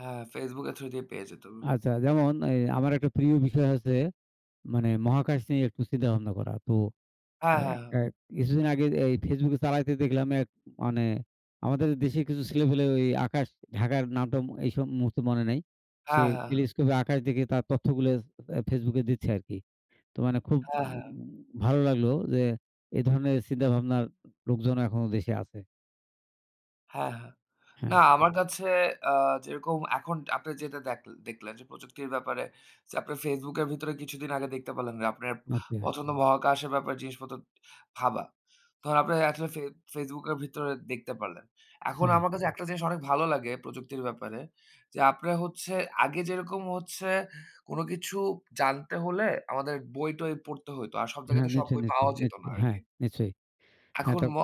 হ্যাঁ Facebook এর through তেই পেয়ে যেতাম।। আচ্ছা যেমন এই আমার একটা প্রিয় বিষয় হচ্ছে মানে মহাকাশ নিয়ে একটু চিন্তা ভাবনা করা। তো অ্যা এই হ্যাঁ, এক হ্যাঁ। এক কিছুদিন আগে এই Facebook চালাইতে দেখলাম এক মানে আমাদের দেশের কিছু ছেলেপেলে ওই আকাশ ঢাকার নাম-টাম এইসব মুহূর্তে মনে নাই। অ্যা সে হ্যাঁ, হ্যাঁ। টেলিস্কোপ এ আকাশ দেখে তার তথ্য গুলো জ অ্যা Facebook দিচ্ছে আরকি। তো মানে খুব হ্যাঁ, হ্যাঁ। ভালো লাগলো যে এ ধরনের চিন্তা ভাবনার লোকজন এখনো দেশে আছে। হ্যাঁ, হ্যাঁ। না হ্যাঁ। আমার কাছে আ যেরকম এখন আপনার যেটা দেখল দেখলেন যে প্রযুক্তির ব্যাপারে ছে আপনার Facebook এর ভেতরে কিছুদিন আগে দেখতে পারলেন আপনে প আচ্ছা। পছন্দ মহাকাশের ব্যাপারে জিনিসপত্র ভাবা। তহন আপনার এটলিস্ট ফে Facebook এর ভিতরে দেখতে পারলেন। এখন হ্যাঁ। আমার কাছে একটা জিনিস অনেক ভালো লাগে প্রযুক্তির ব্যাপারে যে আপনার হচ্ছে আগে যেরকম হচ্ছে কোনো কিছু জানতে হলে আমাদের বই-টই পড়তে হইতো। আর সব হ্যাঁ জাগাতে সব নিচই, বই নিচই, পাওয়াও যেত নিচই না হ্যাঁ আরকি। নিশ্চয়ই। হ্যাঁ এখন ম তাতো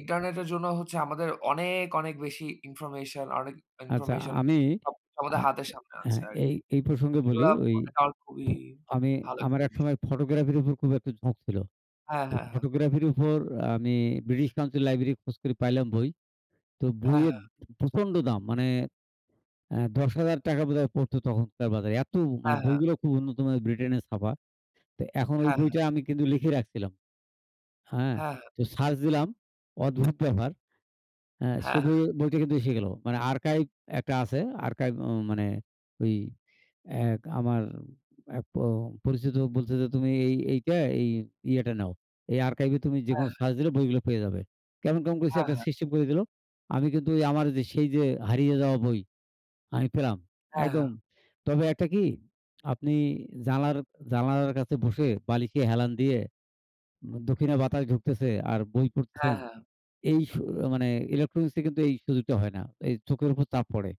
ইন্টারনেটের জন্য হচ্ছে আমাদের অনেক, অনেক বেশি ইনফরমেশন অনেক আচ্ছা ইনফরমেশন আমি সব স আমাদের আ হাতের সামনে অ্যা আছে হ্যাঁ, এই আরকি। এই প্রসঙ্গে বলি এগুলা ওই [unintelligible] খুবই আমি ভালো একটা আমার এক জিনিস। সময় ফটোগ্রাফির উপর খুব একটা ঝোঁক ছিল। হ্যাঁ, তো হ্যাঁ, হ্যাঁ। ফটোগ্রাফির উপর আমি ব্রিটিশ কাউন্সিল লাইব্রেরি খোঁজ করে পাইলাম বই। তো হ্যাঁ, বইয়ের হ্যাঁ। প্রচণ্ড দাম মানে অ্যা ৳১০,০০০ বোধহয় পড়তো তখনকার বাজারে। এত মানে হ্যাঁ, হ্যাঁ। বইগুলা খুব উন্নত মানে ব্রিটেনের ছাপা। তো এখন ওই হ্যাঁ, হ্যাঁ। বইটা আমি কিন্তু লিখে রাখছিলাম। হ্যাঁ হ্যাঁ, হ্যাঁ। তো সার্চ দিলাম অদ্ভুত ব্যাপার। অ্যা সে হ্যাঁ, বই হ্যাঁ। বইটা কিন্তু এসে গেল। মানে আর্কাইভ একটা আছে। আর্কাইভ ও মানে ওই এক আমার এক প পরিচিত বলতেছে যে, "তুমি এই এইটা এই ইয়েটা নাও। এই আর্কাইভে তুমি হ্যাঁ, যেকোনো হ্যাঁ। সার্চ দিলে বইগুলা পেয়ে যাবে।" কেমন, কেমন করে সে হ্যাঁ, একটা হ্যাঁ। সিস্টেম করে দিলো। আমি কিন্তু ওই আমার যে সেই যে হারিয়ে যাওয়া বই আমি পেলাম। হ্যাঁ, একদম। হ্যাঁ। তবে একটা কি আপনি জানার জানালার কাছে বসে বালিসে হেলান দিয়ে উম দক্ষিণা বাতাস ঢুকতেছে আর বই হ্যাঁ, পড়তেছেন। হ্যাঁ। এই স মানে ইলেকট্রনিক্স এ কিন্তু এই সুযোগটা হয় না। এই চোখের উপর চাপ পড়ে।